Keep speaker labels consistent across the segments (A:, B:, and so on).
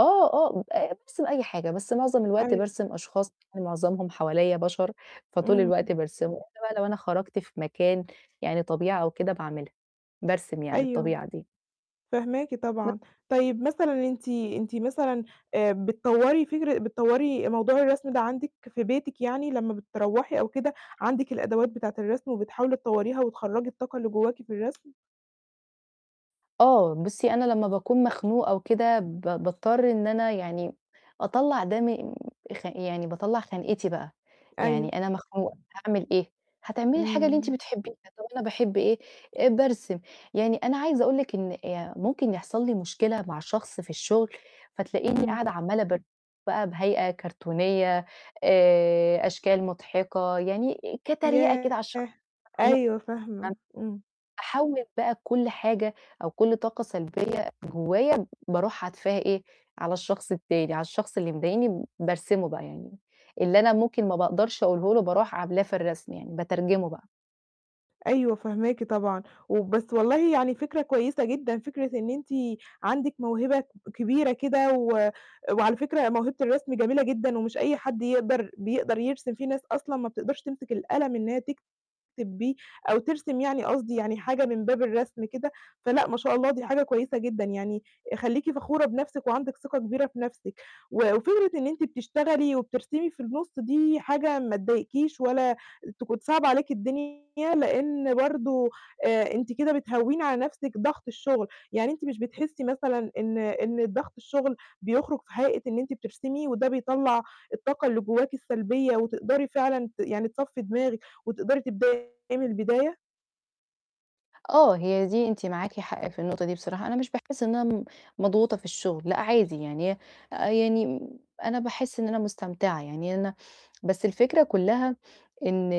A: آه، آه، بارسم أي حاجة، بس معظم الوقت
B: أيوه.
A: بارسم أشخاص معظمهم حواليّا بشر، فطول الوقت
B: امم.
A: بارسمه إلّا بقى لو أنا خرجت في مكان يعني طبيعة أو كده باعملها، بارسم يعني
B: أيوه،
A: الطبيعة دي.
B: فاهماكِ
A: [unintelligible]
B: طبعًا، طيب مثلًا أنتِ أنتِ مثلًا، آآ بتطورّي فكرة بتطوّري موضوع الرسم ده عندِك في بيتِك يعني لمّا بتروّحي أو كده، عندِك الأدوات بتاعة الرسم وبتحاولي تطوّريها وتخرّجي الطاقة اللي جواكِ في الرسم؟
A: آه، بُصّي أنا لمّا باكون مخنوقة أو كده ب باضطر إن أنا يعني أطلّع ده من خ يعني باطلّع خنقتي بقى، يعني
B: أيوه.
A: أنا مخنوقة هاعمل إيه؟ هتعملي الحاجة اللي أنتِ
B: امم.
A: بتحبيها، طَب أنا باحب إيه، آآ بارسم، يعني أنا عايزة أقول لِك إن يا ممكن يحصل لي مشكلة مع شخص في الشغل، فتلاقيني
B: امم.
A: قاعدة عمالة ب بقى بهيئة كرتونية، آآ أشكال مُضْحِكة، يعني كتريقة كده على الش
B: ياه!
A: المخنوق،
B: أيوه فاهمة،
A: [unintelligible]
B: امم.
A: أحوّل بقى كلّ حاجة أو كلّ طاقة سلبية جوّايا باروح حدفاها إيه، على الشخص التاني على الشخص اللي مضايقني بارسمه بقى يعني، اللي أنا ممكن ما باقدرش أقوله له باروح عملاه في الرسم يعني بترجمه بقى.
B: أيوه فاهماكِ طبعًا، و بس والله يعني فكرة كويسة جدًا فكرة إن أنتِ عندِك موهبة ك كبيرة كده و وعلى فكرة موهبة الرسم جميلة جدًا ومش أي حد يقدر بيقدر يرسم، في ناس أصلًا ما بتقدرش تمسك القلم إنها تكتب بيه، أو ترسم يعني قصدي يعني حاجة من باب الرسم كده، فلأ ما شاء الله دي حاجة كويسة جدًا، يعني خلّيكِ فخورة بنفْسِك وعندِك ثقة كبيرة في نفْسِك، وفكرة إن أنتِ بتشتغلي وبترسمي في النُص دي حاجة ما تضايقكيش ولا تكون صعبة عليكِ الدنيا لإن برضو آآ، أنتِ كده بتهوّني على نفْسِك ضغط الشغل، يعني أنتِ مش بتحسّي مثلًا إن إن ضغط الشغل بيُخرج في هيئة إن أنتِ بترسمي، وده بيطلّع الطاقة اللي جواكِ السلبية وتقدري فعلًا ت يعني تصفي دماغِك، وتقدري تبدأي من البداية؟
A: آه هي دي أنتِ معاكِ حق في النقطة دي بصراحة، أنا مش باحس إن أنا م مضغوطة في الشغل لأ عادي، يعني هي آآ يعني أنا باحس إن أنا مستمتعة، يعني أنا بس الفكرة كلّها إن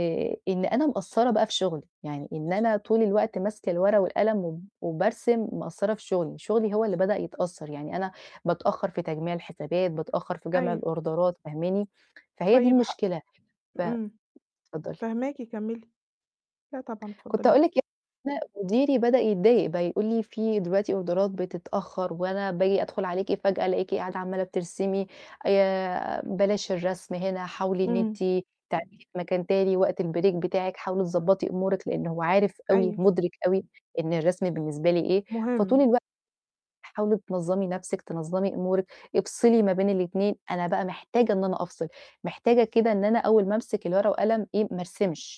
A: إن أنا مقصّرة بقى في شغلي، يعني إن أنا طول الوقت ماسكة الورقة والقلم و وبارسم، مقصّرة في شغلي، شغلي هو اللي بدأ يتأثّر يعني أنا بتأخّر في تجميع الحسابات، بتأخّر في جمع
B: أيوه.
A: الأوردرات فاهماني؟ فهي دي
B: طيب حا
A: المشكلة ف
B: امم،
A: اتفضّلي.
B: فاهماكِ، كمّلي، لا طبعًا
A: كنت
B: اتفضّلي.
A: هأقول لِك يعني أنا مديري بدأ يتضايق بقى يقول لي: "في دلوقتي أوردرات بتتأخّر وأنا باجي أدخل عليكِ فجأة ألاقيكِ قاعدة عمّالة بترسمي، آآ بلاش الرسم هنا حاولي إن أنتِ
B: إمم.
A: تعملي في مكان تاني وقت الBreak بتاعِك، حاولي تضبّطي أمورِك"، لإن هو عارف أوي
B: أيوه.
A: مُدرِك أوي إن الرسم بالنسبة لي إيه، فطول
B: مُهِم.
A: الوقت "حاولي تنظّمي نفْسِك، تنظّمي أمورِك، افصلي ما بين الاتنين"، أنا بقى محتاجة إن أنا أفصل، محتاجة كده إن أنا أول ما أمسك الورقة والقلم إيه، ما أرسمش.